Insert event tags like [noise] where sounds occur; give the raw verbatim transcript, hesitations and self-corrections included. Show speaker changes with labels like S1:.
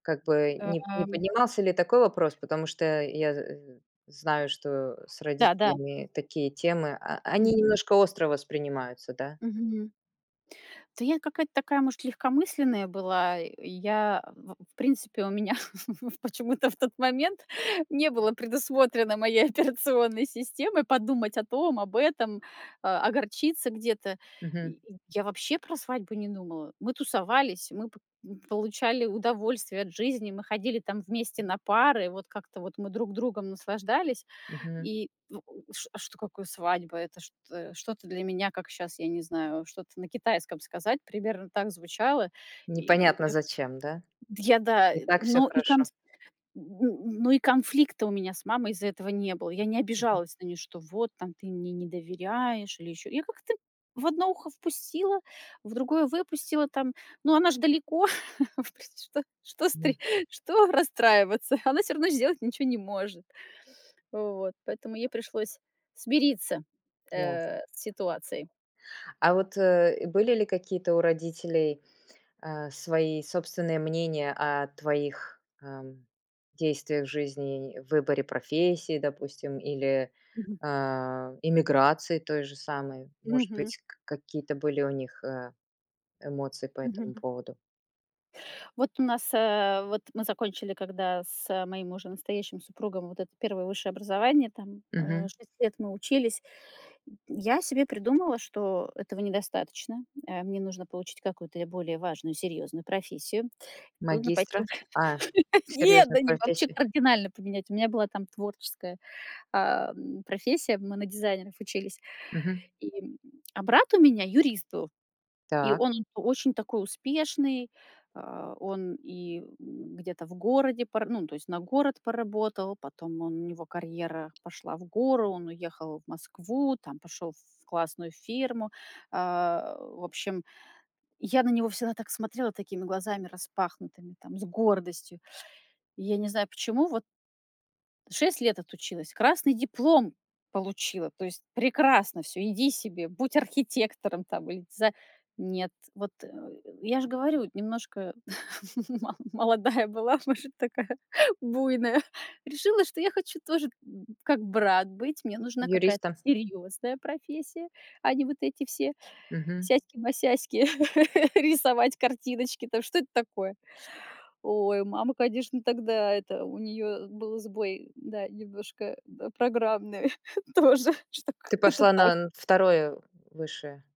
S1: Как бы не не
S2: Эм.
S1: поднимался ли такой вопрос, потому что я з знаю, что с
S2: Да да.
S1: родителями такие темы- о они
S2: Мгм.
S1: немножко остро воспринимаются, да?
S2: Мгм. Да я какая-то такая, может, легкомысленная была. И я, в в принципе, у меня в почему-то в тот момент не было предусмотрено моей операционной системой подумать о том, об этом, а, огорчиться где-то.
S1: Мгм.
S2: Я я вообще про свадьбу не думала. Мы тусовались, мы по получали удовольствие от жизни, мы ходили там вместе на пары, вот как-то вот мы друг другом наслаждались.
S1: Мгм.
S2: И в ш а что какое свадьба? Это что что-то для меня, как щас, я не знаю, что-то на китайском сказать, примерно так звучало. И
S1: Непонятно зачем, да?
S2: д я, да
S1: И так всё
S2: но и кон
S1: хорошо.
S2: д н Но и конфликта у меня с мамой из-за этого не было. Я не
S1: Мгм.
S2: обижалась на нее, что вот, там ты мне не доверяешь или еще Я как-то в одно ухо впустила, в другое выпустила там. Но она ж далеко, впри что что
S1: Да.
S2: стри что расстраиваться? Она всё равно сделать ничё не может. Вот, поэтому ей пришлось смириться,
S1: Ясно.
S2: э, с ситуацией.
S1: А вот, э, были ли какие-то у родителей, а, свои собственные мнения о твоих, ам, действиях в жизни, в выборе профессии, допустим, или,
S2: Мгм.
S1: а эмиграции той же самой? Может
S2: Мгм.
S1: быть, к какие-то были у них, а, эмоции по этому
S2: Мгм.
S1: поводу?
S2: Вот у нас, а вот мы закончили когда с моим уже настоящим супругом вот это первое высшее образование, там, а,
S1: Мгм.
S2: шесть лет мы учились. Я себе придумала, что этого недостаточно. А, мне нужно получить какую-то более важную, серьезную профессию. Нужно пойти
S1: Магистра? А,
S2: Нет!
S1: серьезную
S2: Да не, вообще
S1: профессию.
S2: кардинально поменять. У меня была там творческая, а, м, профессия, мы на дизайнеров учились,
S1: Мгм.
S2: и а брат у меня юрист был. И
S1: Так.
S2: он очень такой успешный. А, он и где-то в городе пора то есть на город поработал, потом он у него карьера пошла в гору, он уехал в Москву, там пошел в классную фирму. А, в общем, я на него всегда так смотрела такими глазами распахнутыми, там, с гордостью. Я не знаю почему, вот шесть лет отучилась, красный диплом получила. То есть прекрасно всё, иди себе, будь архитектором там или диза Нет. Вот, э, я ж говорю, немножко мо молодая была, может, такая буйная. Решила, что я хочу тоже б как брат быть, мне нужна какая-то
S1: Юристом?
S2: серьезная профессия, а не вот эти все
S1: Мгм.
S2: сяськи-масяськи, [laughs] рисовать картиночки. А то что это такое? Ой, мама, конечно, тогда это у нее был сбой, да, немножко программный тоже. Что как
S1: Ты
S2: это
S1: пошла
S2: так?
S1: на н второе высшее?